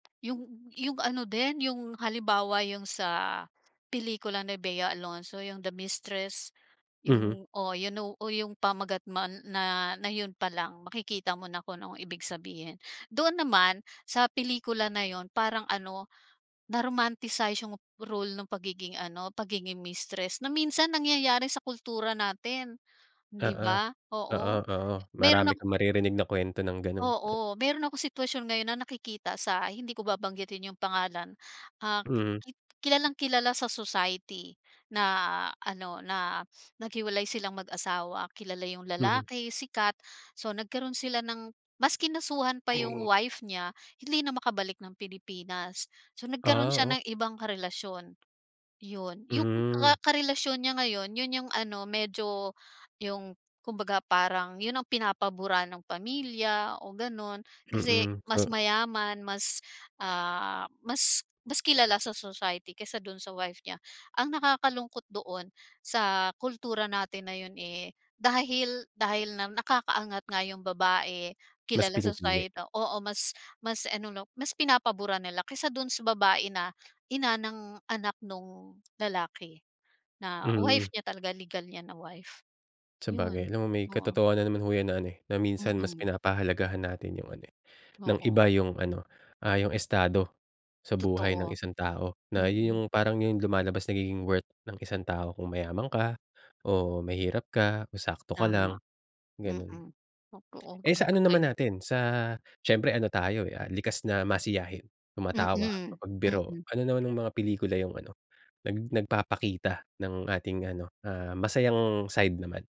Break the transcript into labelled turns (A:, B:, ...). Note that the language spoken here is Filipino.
A: 'Yong 'yong ano din 'yong halimbawa 'yong sa pelikula ni Bea Alonzo, 'yong "The Mistress."
B: Mhm.
A: 'Yong oo, you know, oh, 'yong pamagat man na na 'yon pa lang. Makikita mo na kung anong ibig sabihin. Doon naman sa pelikula na 'yon, parang, ano, na-romanticize 'yong role ng pagiging ano, pagiging mistress. Na minsan nangyayari sa kultura natin, 'di
B: Oo.
A: ba?
B: Oo,
A: Oo,
B: oo.
A: mayro'n
B: Marami
A: ak
B: kang maririnig na kwento ng gano'n. Ah.
A: Oo, mayro'n akong sitwasyon ngayon na nakikita sa hindi ko babanggitin 'yong pangalan, ah,
B: Mhm.
A: ki ki kilalang-kilala sa society na, ano, na naghiwalay silang mag-asawa, kilala 'yong
B: Mhm.
A: lalaki, sikat. So, nagkaroon sila ng mas kinasuhan pa 'yong wife niya, hindi na makabalik ng Pilipinas. So, nagkaroon
B: Ah,
A: siya
B: oh?
A: ng ibang karelasyon, 'yon. 'Yong
B: Hmm.
A: ka karelasyon niya ngayon, 'yon 'yong, ano, medyo, 'yong kumbaga parang 'yon ang pinapaburan ng pamilya o gano'n. Kasi
B: Mm,
A: mas
B: so
A: mayaman, mas, ah, mas mas kilala sa society kaysa do'n sa wife niya. Ang nakakalungkot doon, sa kultura natin na 'yon, eh, dahil dahil nam nakakaangat nga ’yong babae,
B: Mas
A: kilala sa
B: pinipili.
A: societ ah, oo, mas mas ano, 'no, mas pinapaburan nila kaysa don sa babae na ina ng anak no'ng lalaki, na wife
B: Mm.
A: niya talaga, legal niya na wife.
B: Sabagay,
A: ’Yon.
B: alam mo, may
A: Oo.
B: katotohanan na naman ho ’yan na, ano, eh, na minsan mas
A: Mm.
B: pinapahalagahan natin ’yong, ano, eh, ng
A: Oo.
B: iba ’yong, ano, ah, ’yong estado sa buhay ng
A: Totoo.
B: isang tao, na ’yon
A: Mm.
B: 'yong parang ’yon lumalabas, nagiging worth ng isang tao kung mayaman ka o mahirap ka o sakto ka lang,
A: Tama.
B: gano'n.
A: Mm. Totoo,
B: Eh,
A: ah,
B: sa ano naman
A: patay.
B: natin, sa siyempre ano tayo, eh, ah, likas na masiyahin, tumatawa,
A: Mm,
B: mapagbiro.
A: mm.
B: Ano naman ang mga pelikula 'yong, ano, nag nagpapakita ng ating ano, ah, masayang side naman?